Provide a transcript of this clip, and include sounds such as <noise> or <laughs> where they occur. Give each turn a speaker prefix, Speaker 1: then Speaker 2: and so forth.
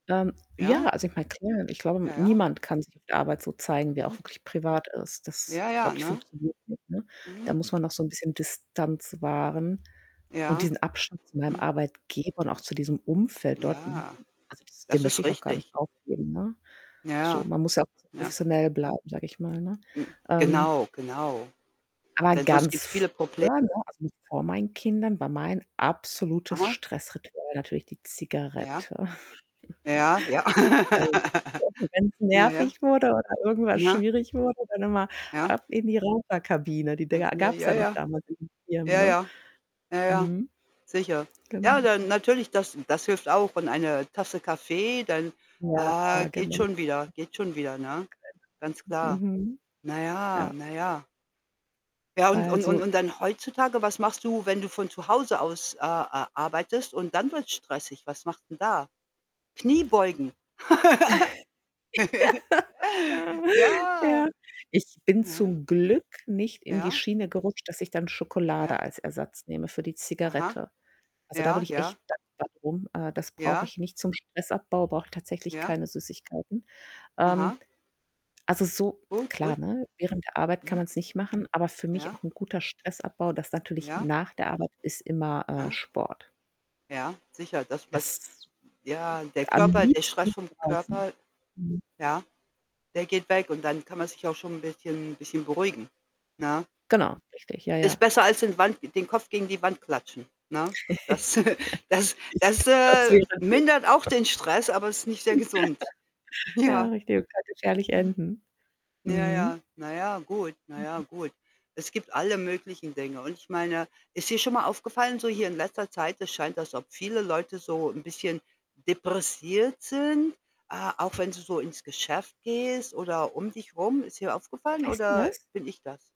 Speaker 1: Ähm, ja,
Speaker 2: Ja?
Speaker 1: also, ich meine, klar, ich glaube,
Speaker 2: Ja, ja.
Speaker 1: niemand kann sich auf Arbeit so zeigen, wer er auch
Speaker 2: Mhm.
Speaker 1: wirklich privat ist. Das,
Speaker 2: Ja, ja,
Speaker 1: glaube ich,
Speaker 2: ne?
Speaker 1: funktioniert nicht, ne? Da
Speaker 2: Mhm.
Speaker 1: muss man noch so 'n bisschen Distanz wahren und
Speaker 2: Ja.
Speaker 1: diesen Abstand zu meinem
Speaker 2: Mhm.
Speaker 1: Arbeitgeber und auch zu diesem Umfeld dort, m
Speaker 2: Ja.
Speaker 1: also, das den
Speaker 2: Das
Speaker 1: möchte
Speaker 2: ist
Speaker 1: ich auch gar nicht
Speaker 2: richtig.
Speaker 1: aufgeben, ne? So,
Speaker 2: Ja.
Speaker 1: man muss ja auch bisschen
Speaker 2: Ja.
Speaker 1: professionell bleiben, sage ich mal, ne?
Speaker 2: Hm,
Speaker 1: Ähm
Speaker 2: genau, genau.
Speaker 1: aber
Speaker 2: Denn sonst
Speaker 1: ganz
Speaker 2: gibt's viele Problem
Speaker 1: früher, ne, also, noch vor meinen Kindern, war mein absolutes
Speaker 2: Aha.
Speaker 1: Stressritual natürlich die
Speaker 2: Ja.
Speaker 1: Zigarette.
Speaker 2: Ja, ja.
Speaker 1: <chuckles> Also, <unintelligible> wenn's
Speaker 2: <laughs> Ja,
Speaker 1: nervig wurde oder irgendwas
Speaker 2: ja. Ne?
Speaker 1: schwierig wurde, dann noch mal
Speaker 2: Ja.
Speaker 1: ab in die Raucherkabine. Die Dinger
Speaker 2: <unintelligible> Ja,
Speaker 1: gab's ja noch
Speaker 2: ja.
Speaker 1: damals in den Firmen,
Speaker 2: Ja,
Speaker 1: ne?
Speaker 2: ja. Ja, ja.
Speaker 1: Mhm.
Speaker 2: Sicher. Ja, dann
Speaker 1: Genau.
Speaker 2: natürlich, das das hilft auch. Und eine Tasse Kaffee, dann, ah,
Speaker 1: Ja,
Speaker 2: geht
Speaker 1: genau. <unintelligible>
Speaker 2: schon wieder geht schon wieder, ne? Ganz klar.
Speaker 1: Mhm.
Speaker 2: Na ja
Speaker 1: Ja.
Speaker 2: na ja. Ja, und
Speaker 1: Weil
Speaker 2: und und
Speaker 1: so
Speaker 2: und dann heutzutage, was machst du, wenn du von zu Hause aus, äh, ar arbeitest und dann wird's stressig? Was machst 'n da? Kniebeugen. <laughs>
Speaker 1: <laughs> Ja,
Speaker 2: Ja.
Speaker 1: ja. Ich bin
Speaker 2: Ja, ja.
Speaker 1: zum Glück nicht in die
Speaker 2: Ja.
Speaker 1: Schiene gerutscht, dass ich dann
Speaker 2: Ja.
Speaker 1: Schokolade als Ersatz nehme für die
Speaker 2: Aha.
Speaker 1: Zigarette. Also, da bin
Speaker 2: Ja,
Speaker 1: ich echt
Speaker 2: ja.
Speaker 1: dankbar drum. Äh, das brauche
Speaker 2: Ja.
Speaker 1: ich nicht. Zum Stressabbau brauche ich tatsächlich
Speaker 2: Ja.
Speaker 1: keine Süßigkeiten. Ähm,
Speaker 2: Aha.
Speaker 1: also so
Speaker 2: Gut, gut.
Speaker 1: klar, ne, während der Arbeit kann
Speaker 2: Mhm.
Speaker 1: man's nicht machen, aber für mich
Speaker 2: Ja.
Speaker 1: auch 'n guter Stressabbau, das natürlich
Speaker 2: Ja.
Speaker 1: nach der Arbeit, ist immer, äh,
Speaker 2: Aha.
Speaker 1: Sport.
Speaker 2: Ja, sicher, das was
Speaker 1: Das
Speaker 2: ja, der
Speaker 1: Am
Speaker 2: Körper der Stress
Speaker 1: liebsten
Speaker 2: vom
Speaker 1: draußen.
Speaker 2: Körper
Speaker 1: Mhm.
Speaker 2: ja, der geht weg und dann kann man sich auch schon 'n bisschen bisschen beruhigen, ne?
Speaker 1: Genau, richtig, ja
Speaker 2: Ist
Speaker 1: ja.
Speaker 2: besser als in Wand den Kopf gegen die Wand klatschen, ne? Das <chuckles> das
Speaker 1: <laughs>
Speaker 2: das,
Speaker 1: Richtig, das
Speaker 2: äh,
Speaker 1: wäre gut.
Speaker 2: mindert auch den Stress, aber ist nicht sehr gesund,
Speaker 1: <laughs> Ja,
Speaker 2: ja.
Speaker 1: richtig, und kann gefährlich
Speaker 2: Mhm.
Speaker 1: enden.
Speaker 2: Ja,
Speaker 1: Mhm.
Speaker 2: ja. Na, ja, gut. Na ja,
Speaker 1: Mhm.
Speaker 2: gut. Es gibt alle möglichen Dinge. Und ich meine, ist dir schon mal aufgefallen so hier in letzter Zeit, es scheint, als ob viele Leute so 'n bisschen depressiv sind, ah, auch wenn du so ins Geschäft gehst oder um dich rum, ist hier
Speaker 1: Ja,
Speaker 2: aufgefallen
Speaker 1: weißt du
Speaker 2: oder
Speaker 1: was?
Speaker 2: bin ich das?